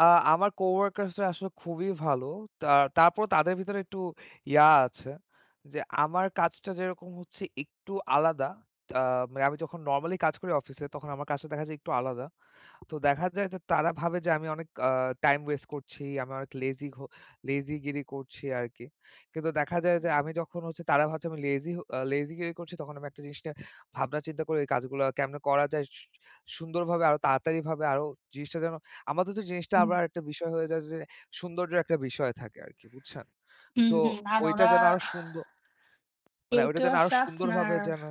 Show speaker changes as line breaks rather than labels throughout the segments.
আ আমার co-workers রা আসলে খুবই ভালো। তা তারপরও তাদের ভিতরে একটু ইয়া আছে। যে আমার কাজটা যেরকম হচ্ছে একটু আলাদা। আ মানে আমি যখন নরমালি কাজ করি অফিসে, তখন আমার কাজটা দেখা যায় একটু আলাদা। তো দেখা যায় যে তারা ভাবে যে আমি অনেক আ টাইম ওয়েস্ট করছি, আমি অনেক লেজি হ লেজিগিরি করছি আর কি। কিন্তু দেখা যায়
হু,
যে আমি
হু।
যখন হচ্ছে তারা ভাবছে আমি লেজি হ লেজিগিরি করছি তখন আমি একটা জিনিস নিয়ে ভাবনা চিন্তা করে এই কাজগুলো কেমনে করা যায় স সু সুন্দরভাবে আরো তাড়াতাড়িভাবে আরো জিনিসটা যেন আমার তো জিনিসটা
হুম।
আবার আরেকটা বিষয় হয়ে যায় যে সৌন্দর্য্য একটা বিষয় থাকে আর কি, বুঝছেন?
হুম,
সো
হুম। আর
ওইটা
ওরা
যেন আরো সুন্দ মানে
কেউ,
ওইটা
কেউ
যেন আরো
আছে আপনার
সুন্দরভাবে যেন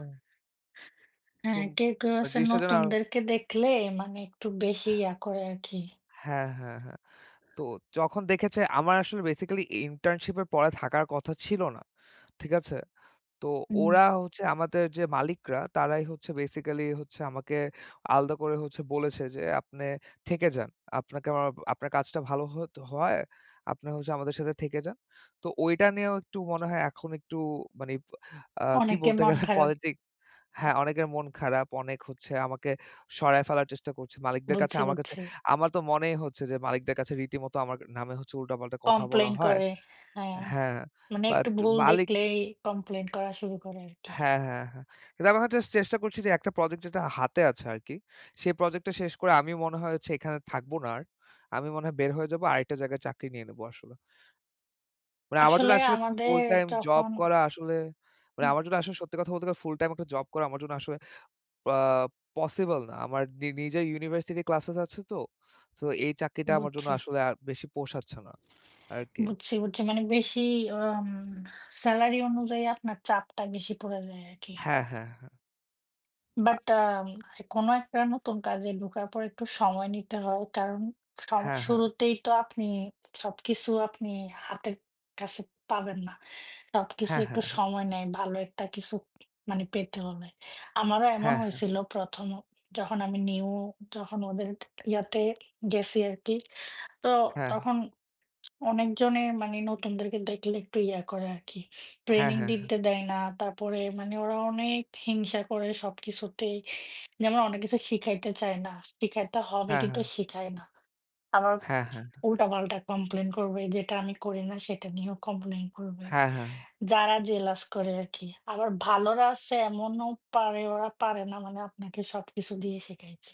হ্যাঁ,
সুন
কেউ, কেউ
মানে
আছে
জিনিসটা যেন আর...
নতুনদেরকে দেখলে মানে একটু বেশি ইয়া করে আরকি।
হ্যাঁ, হ্যাঁ, হ্যাঁ। তো যখন দেখেছে আমার আসলে basically internship এর পরে থাকার কথা ছিল না, ঠিক আছে? তো
হুম।
ওরা হচ্ছে আমাদের যে মালিকরা, তারাই হচ্ছে basically হচ্ছে আমাকে আলাদা করে হচ্ছে বলেছে যে, "আপনি থেকে যান। আপনাকে আমার আপনার কাজটা ভালো হত হয়। আপনি হচ্ছে আমাদের সাথে থেকে যান।" তো ওইটা নিয়েও একটু মনে হয় এখন একটু মানে আ কি
অনেকের
বলতে
মন
গেলে
খারাপ।
পলিটিক। হ্যাঁ অনেকের মন খারাপ, অনেক হচ্ছে আমাকে সরায় ফেলার চেষ্টা করছে মালিকদের কাছে।
বুঝছি,
আমার কাছে
বুঝছি।
আমার তো মনেই হচ্ছে যে মালিকদের কাছে রীতিমতো আমার নামে হচ্ছে উল্টাপাল্টা কথা বলা
কমপ্লেন
হয়।
করে। হ্যাঁ,
হ্যাঁ,
মানে
বাট
একটু ভুল
মালিক
দেখলেই কমপ্লেন করা শুরু করে আরকি।
হ্যাঁ, হ্যাঁ, হ্যাঁ। কিন্তু আমি এখন যাস্ট চেষ্টা করছি যে একটা প্রোজেক্ট যেটা হাতে আছে আর কি, সেই প্রোজেক্ট টা শেষ করে আমি মনে হয় হচ্ছে এখানে থাকবো না আর। আমি মনে হয় বের হয়ে যাবো আরেকটা জায়গায় চাকরি নিয়ে নেবো আসলে। মানে আমার
আসলে
জন্য আসলে
আমাদের
ফুল টাইম জব
যখন
করা আসলে, মানে
হু।
আমার জন্য আসলে সত্যি কথা বলতে গেলে ফুল টাইম একটা জব করা আমার জন্য আসলে আ পসিবল না। আমার নি নিজের ইউনিভার্সিটি ক্লাসেস আছে তো। তো এই চাকরিটা আমার জন্য
বুঝছি।
আসলে আর বেশি পোষাচ্ছে না আরকি।
বুঝছি, বুঝছি। মানে বেশি উম স্যালারি অনুযায়ী আপনার চাপটা বেশি পড়ে যায় আরকি।
হ্যাঁ, হ্যাঁ, হ্যাঁ। আ
বাট আম কোন একটা নতুন কাজে ঢোকার পর একটু সময় নিতে হয়। কারণ সম
হ্যাঁ, হ্যাঁ।
শুরুতেই তো আপনি সবকিছু আপনি হাতের কাছে পাবেন না। সবকিছু
হ্যাঁ,
একটু
হ্যাঁ, হ্যাঁ।
সময় নেয়, ভালো একটা কিছু মানে পেতে হলে। আমারও এমন
হ্যাঁ, হ্যাঁ।
হয়েছিল ১ম অ যখন আমি নিউ, যখন ওদের ইয়াতে গেছি আরকি। তো
হ্যাঁ, হ্যাঁ।
তখন অনেকজনেই মানে নতুনদেরকে দেখলে একটু ইয়া করে আরকি।
হ্যাঁ,
training
হ্যাঁ, হ্যাঁ।
দিতে দেয় না, তারপরে মানে ওরা অনেক হিংসা করে সবকিছুতেই। যেমন অনেক কিছু শিখাইতে চায় না, শিখাইতে হবে
হ্যাঁ,
কিন্তু
হ্যাঁ।
শিখায় না। আবার
হ্যাঁ, হ্যাঁ, হ্যাঁ।
উল্টাপাল্টা কমপ্লেন করবে, যেটা আমি করি না সেটা নিয়েও কমপ্লেন করবে,
হ্যাঁ, হ্যাঁ।
যারা জেলাস করে আরকি। আবার ভালরা আছে এমনও পারে ওরা পারে না মানে আপনাকে সবকিছু দিয়ে শিখাইতে।